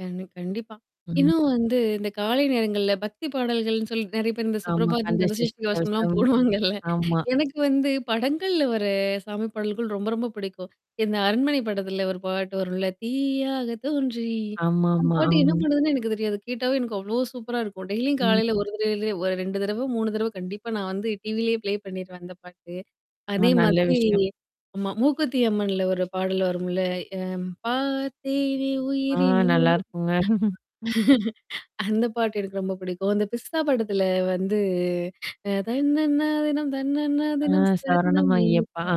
கண் கண்டிப்பா. ம். இன்னும் வந்து இந்தக் காலை நேரங்கள்ல பக்திப் பாடல்கள்ன்னு சொல்லி நிறைய பேர் இந்தச் ஆமா. சுப்ரபாதம், கந்த கந்த சஷ்டி சஷ்டி கவசம் எல்லாம் கவசம். போடுவாங்க இல்ல. ஆமா. எனக்கு வந்து படங்கள்ல வர்ற சாமி பாடல்கள் ரொம்ப ரொம்பப் பிடிக்கும். இந்த அரண்மனை படத்தில ஒரு பாட்டு வரும்ல தீயாக தோன்றி அந்தப் ஆமாமா. பாட்டு என்ன அ. பண்றதுன்னே எனக்குத் தெரியாது. கேட்டாவே எனக்கு அவ்வளோ சூப்பரா இருக்கும். டெய்லியும் ம். காலையில 1 தடவையோ, இல்ல 2 தடவ 3 தடவ கண்டிப்பா நான் வந்து டிவிலேயே ப்லே பண்ணிருவேன் அந்த பாட்டு. ஆ, அதே நல்ல மாதிரி விஷயம். ஆமா. மூக்குத்தி அம்மன்ல ஒரு பாடல் வரும்ல, பார்த்தேனே ஆ. உயிரினு நல்லா உனையே இருக்குங்க. அந்த பாட்டு எனக்கு ரொம்ப பிடிக்கும். அந்த பிஸ்தா படத்தில வந்து அ தன்னன்னா தினம் தன்னன்னா ஆ. தினம் சரணம் சரணம் ஐயப்பா. ஐயப்பா ஆ.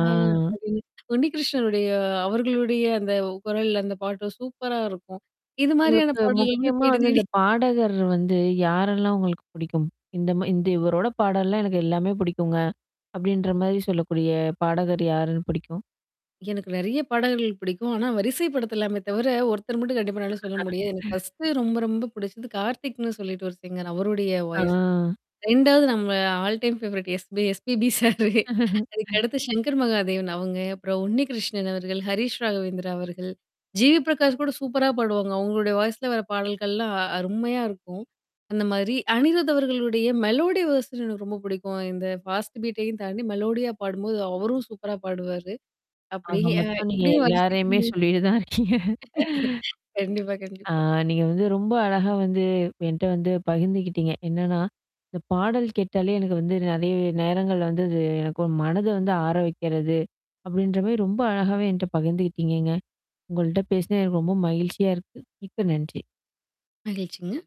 அப்படின்னு உண்ணி கிருஷ்ணனுடைய அவர்களுடைய அந்த குரல் அந்த பாட்டும் சூப்பரா இருக்கும். இது மாரியான உங்களுக்கு பாடல் வந்து முக்கியமா தேடி, வந்து தேடி இந்தப் பாடகர் வந்து யாரெல்லாம் உங்களுக்குப் பிடிக்கும்? இந்த ம இந்த இவருடைய பாடல்லாம் எனக்கு எல்லாமே பிடிக்குங்க, அப்படின்ற மாரி சொல்லக்கூடிய பாடகர் யாருன்னு பிடிக்கும்? எனக்கு நிறைய பாடல்கள் பிடிக்கும். ஆனா, வரிசைப்படுத்தலாமே தவிர ஒருத்தர் மட்டும் கண்டிப்பா என்னாலும் சொல்ல முடியாது. எனக்கு பர்ஸ்ட்டு ரொம்ப ரொம்பப் பிடிச்சது கார்த்திக்ன்னு சொல்லிட்டு ஒரு சிங்கர் அவருடைய ஆ. வாய்ஸ் 2வது நம்ம all time favourite SPB sir. அதுக்கடுத்து சங்கர் மகாதேவன் அவங்க. அப்புறம் உண்ணி கிருஷ்ணன் அவர்கள், ஹரிஷ் ராகவேந்திரா அவர்கள். ஜி. வி. பிரகாஷ் கூட சூப்பராப் பாடுவாங்க. அவங்களுடைய வாய்ஸ்ல வர்ற பாடல்கள்லாம் அருமையா இருக்கும், அந்த மாதிரி. அனிருத் அவர்களுடைய மெலோடி வெர்ஷன் எனக்கு ரொம்ப பிடிக்கும். இந்த பாஸ்ட் பீட்டையும் தாண்டி மெலோடியா பாடும்போது அவரும் சூப்பரா பாடுவாரு. அப்படி ஆக அ மொத்தம் நீங்க இப்டி வரிசைக்கண எல்லாரையுமே சொல்லிட்டு தான் இருக்கீங்க. கண்டிப்பா, ஆ. கண்டிப்பா. நீங்க வந்து ரொம்ப அழகா வந்து என்ட்ட வந்து பகிர்ந்துகிட்டீங்க. என்னன்னா, இந்தப் பாடல் கேட்டாலே எனக்கு வந்து நிறைய நேரங்கள்ல வந்து அது என்னுடைய மனத வந்து ஆற வைக்கிறது அப்படின்ற மாரி ரொம்ப அழகாவே என்ட்ட பகிர்ந்துகிட்டீங்கங்க. உங்கள்ட்ட பேசியது எனக்கு ரொம்ப மகிழ்ச்சியா இருக்கு. மிக்க நன்றி! மகிழ்ச்சிங்க.